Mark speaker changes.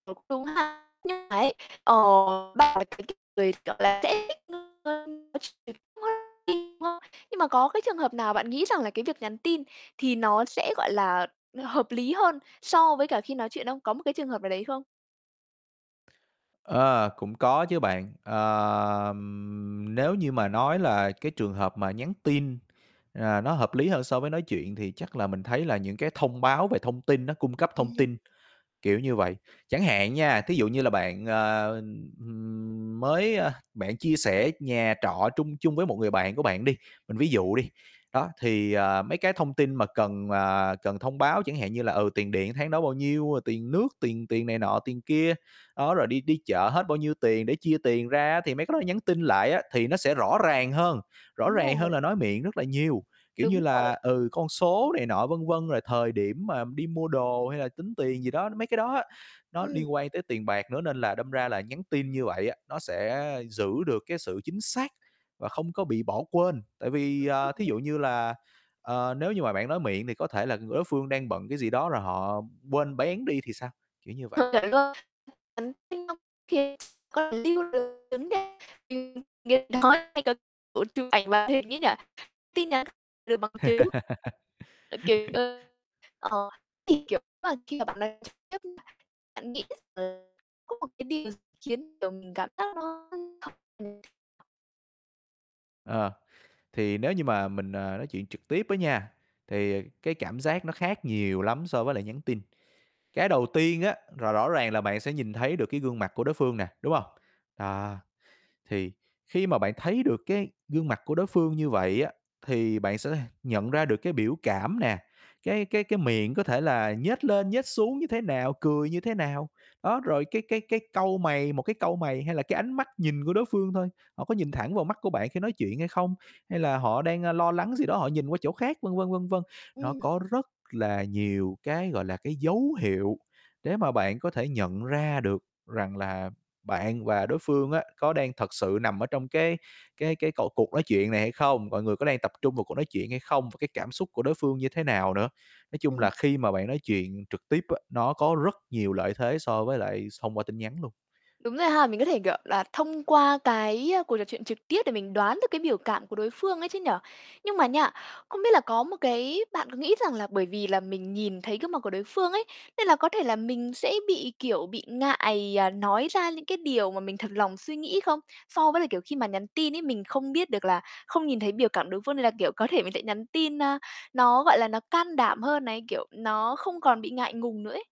Speaker 1: Ờ, cũng đúng ha. Nhưng mà ấy, ờ [unintelligible] nhưng mà có cái trường hợp nào bạn nghĩ rằng là cái việc nhắn tin thì nó sẽ, gọi là hợp lý hơn so với cả khi nói chuyện không? Có một cái trường hợp nào đấy không?
Speaker 2: Ờ, cũng có chứ bạn. Ờ, nếu như mà nói là cái trường hợp mà nhắn tin, ờ, nó hợp lý hơn so với nói chuyện thì chắc là mình thấy là những cái thông báo về thông tin, nó cung cấp thông
Speaker 1: Ừm.
Speaker 2: tin, kiểu như vậy. Chẳng hạn nha, thí dụ như là bạn, ờ, ừm, mới, ơ bạn chia sẻ nhà trọ trung chung với một người bạn của bạn đi, mình ví dụ đi, đó, thì, à, mấy cái thông tin mà cần, à, cần thông báo chẳng hạn như là, ừ, tiền điện tháng đó bao nhiêu, ờ, tiền nước, tiền tiền này nọ, tiền kia, đó, rồi đi đi chợ hết bao nhiêu tiền để chia tiền ra á, thì mấy cái đó là nhắn tin lại á, thì nó sẽ rõ ràng hơn, rõ
Speaker 1: Đúng
Speaker 2: ràng hơn
Speaker 1: rồi.
Speaker 2: là nói miệng rất là nhiều. Kiểu như
Speaker 1: Đúng
Speaker 2: là,
Speaker 1: rồi.
Speaker 2: ừ, con số này nọ, vân vân, rồi thời điểm mà đi mua đồ hay là tính tiền gì đó, mấy cái đó á, nó
Speaker 1: Ừm.
Speaker 2: liên quan tới tiền bạc nữa, nên là đâm ra là nhắn tin như vậy á, nó sẽ giữ được cái sự chính xác và không có bị bỏ quên. Tại vì, ờ, thí
Speaker 1: Ờ.
Speaker 2: dụ như là, ờ, nếu như mà bạn nói miệng thì có thể là ng đối phương đang bận cái gì đó rồi họ quên béng đi thì sao, kiểu như vậy.
Speaker 1: Ờ, chuẩn luôn. Nhắn tin thì x còn lưu được vấn đề [unintelligible] kiểu chụp ảnh màn hình ấy nhỉ, tin nhắn được bằng chứng. Ờ, kiểu, ơ, ờ, thì, kiểu, [unintelligible] khi mà bạn nói trực tiếp, bạn nghĩ rằng là không còn cái điều gì khiến, kiểu, mình cảm giác nó [unintelligible]
Speaker 2: Ờ, thì nếu như mà mình, ờ, nói chuyện trực tiếp á nha, thì cái cảm giác nó khác nhiều lắm so với lại nhắn tin. Cái đầu tiên á, là rõ ràng là bạn sẽ nhìn thấy được cái gương mặt của đối phương nè, đúng hông? À, thì khi mà bạn thấy được cái gương mặt của đối phương như vậy á, thì bạn sẽ th nhận ra được cái biểu cảm nè, cái cái cái miệng có thể là nhếch lên, nhếch xuống như thế nào, cười như thế nào. Đó, rồi cái cái cái cau mày, một cái cau mày hay là cái ánh mắt nhìn của đối phương thôi, họ có nhìn thẳng vào mắt của bạn khi nói chuyện hay không, hay là họ đang, ơ, lo lắng gì đó họ nhìn qua chỗ khác, vân vân, vân vân. Nó
Speaker 1: Ừm.
Speaker 2: có rất là nhiều cái, gọi là, cái dấu hiệu để mà bạn có thể nhận ra được rằng là bạn và đối phương á, có đang thật sự nằm ở trong cái cái cái cột cuộc nói chuyện này hay không, mọi người có đang tập trung vào cuộc nói chuyện hay không và cái cảm xúc của đối phương như thế nào nữa. Nói chung
Speaker 1: Ừm.
Speaker 2: là khi mà bạn nói chuyện trực tiếp á, nó có rất nhiều lợi thế so với lại s thông qua tin nhắn luôn.
Speaker 1: Đúng rồi ha. Mình có thể, kiểu là, thông qua cái, ơ, cuộc trò chuyện trực tiếp để mình đoán được cái biểu cảm của đối phương ấy chứ nhỉ. Nhưng mà nha, không biết là có một cái bạn có nghĩ rằng là bởi vì là mình nhìn thấy gương mặt của đối phương ấy, nên là có thể là mình sẽ bị, kiểu, bị ngại, ờ, nói ra những cái điều mà mình thật lòng suy nghĩ không? So với là, kiểu, khi mà nhắn tin ấy, mình không biết được là không nhìn thấy biểu cảm đối phương, nên là, kiểu, có thể mình sẽ nhắn tin, a, nó, gọi là, nó can đảm hơn này, kiểu, nó không còn bị ngại ngùng nữa ấy?